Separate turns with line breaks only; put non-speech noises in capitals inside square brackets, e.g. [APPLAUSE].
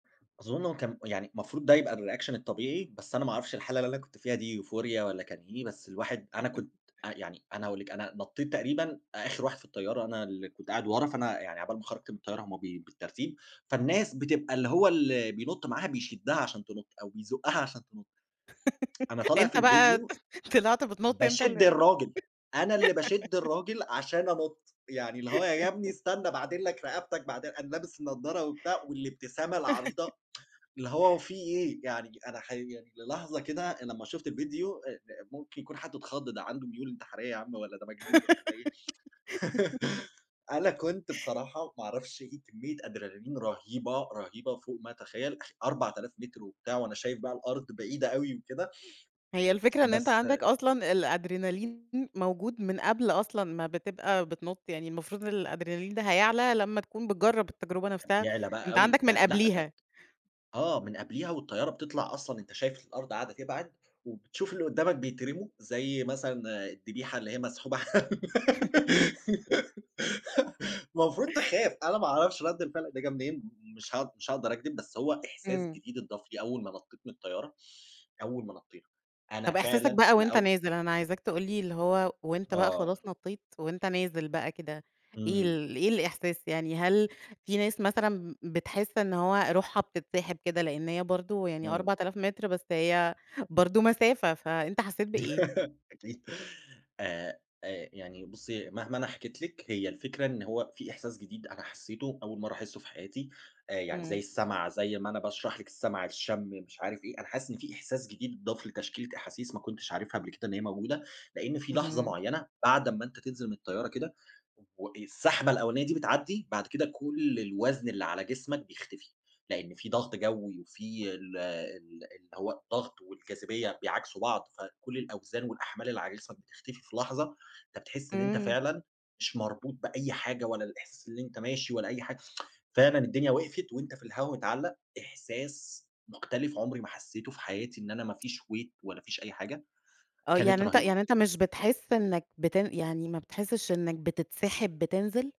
أظُنّ هو كان يعني مفروض ده يبقى الReaction الطبيعي، بس أنا ما أعرفش الحالة اللي أنا كنت فيها دي Euphoria والّا كان إيه، بس الواحد أنا
[LAUGHS]
كنت يعني أنا أقول لِك أنا نطّيت تقريبًا آخر واحد في الطّيّارة، أنا اللي كنت قاعد ورا، فأنا يعني عقبال ما خرجت من الطّيّارة هُم بي بالترتيب، فالناس بتبقى اللي هو ال بينُطّ معاها، بيشدّها عشان تنُطّ، أو بيزوقّها عشان تنُطّ. [TSK] أنا
[LAUGHS]
طالع في
أنت بَقَى
الفيديو،
طلعت بتنُطّ أنت
باشد
ال
الراجل، أنا اللي باشد
[LAUGHS]
الراجل، عشان أنُطّ، يعني اللي هو يا ابني
[LAUGHS]
استنى باعدل لك رقبتك، بعد أنا لابس النَّضَّارة وبتاع، والإبتسامة
[LAUGHS]
العريضة [TSK] اللي هو في إيه، يعني أنا حي يعني للحظة كده لمّا شُفت الفيديو آآ أ ممكن يكون حد اتخضّ، ده عنده ميول انتحاريّة يا عمّ، والّا ده مجنون ولا ده إيه. [TSK]
[LAUGHS]
[LAUGHS] أنا كنت بصراحة ما أعرفش إيه كمية أدرينالين رهيبة، رهيبة فوق ما أتخيل أخ 4000 متر وبتاع، وأنا شايف بقى الأرض بعيدة أوي وكده
هي
[TSK]
الفكرة إن أنت
بس
عندك أصلًا الأدرينالين، موجود من قبل أصلًا ما بتبقى بتنُطّ، يعني المفروض إن الأدرينالين ده هيعلى لمّا تكون بتجرب التجربة نفسها،
يعلى بَقَى
أنت
أوي،
عندك من
ده لأ، ده ت
قبليها.
آه، من قبليها والطَّيَّارة بتطلع أصلًا أنت شايف الأرض قاعدة تبعد، وبتشوف اللي قُدّامك بيترموا، زي مثلًا الدّبيحة اللي هي مسحوبة
[LAUGHS]
[LAUGHS] المفروض تخاف، أنا ما أعرفش رَدّ الفعل ده جه منين، م مش ها مش هاقدر أكدب، بس هو إحساس
إمم.
جديد اتضاف لي، أول ما نَطّيت من الطَّيَّارة، أول ما نَطّينا، أنا
طب إحساسك
فعلًا
بقى وأنت
لأو
نازل، أنا عايزاك تقول لي اللي هو وأنت بقى
آه.
خلاص نطّيت، وأنت نازل بقى كده، إيه
إمم.
ال إيه الإحساس، يعني هل في ناس مثلًا ب بتحِسّ إن هو رُوحها بتتسحب كده، لإن هي برضه يعني
إمم.
4000 متر، بس هي برضه مسافة، فأنت حَسَّيت بإيه؟
[LAUGHS] أكيد، آآ، آآ يعني بُصي مهما أنا حكيت لِك هي الفكرة إن هو في إحساس جديد أنا حسّيتُه، أول مرة أحسُّه في حياتي، آآ يعني زي
إمم.
السّمع، زي ما أنا باشرح لِك السّمع، الشّمّ مش عارف إيه، أنا حاسس إن فيه إحساس جديد اتضاف لتشكيلة أحاسيس ما كُنتش عارفها قبل كده إن هي موجودة، لإن في لحظة
اهم.
مُعيّنة، بعد أما أنت تنزل من الطّيّارة كده، و السَّحبة الأولانية دي بتعدي، بعد كده كُلّ الوزن اللي على جسمك بيختفي، لإن في ضغط جَوِّي، وفي ال ال اللي هو الضّغط والجاذبيّة بيعاكسوا بعض، فكُلّ الأوزان والأحمال اللي على جسمك بتختفي في لحظة، أنت بتِحسّ إن أنت
إمم.
فعلًا مش مربوط بأي حاجة، ولا الإحساس اللي أنت ماشي ولا أي حاجة [TSK] فعلًا الدنيا وقفت، وانت في الهوا متعلِّق، إحساس مختلف عمري ما حسّيتُه في حياتي، إن أنا ما فيش Weight ولا فيش أي حاجة،
آه،
كانت
يعني أنت
رهيبة.
يعني أنت مش بتحِسّ إنّك بتن يعني ما بتحِسِّش إنك بتتسحِب بتنزل؟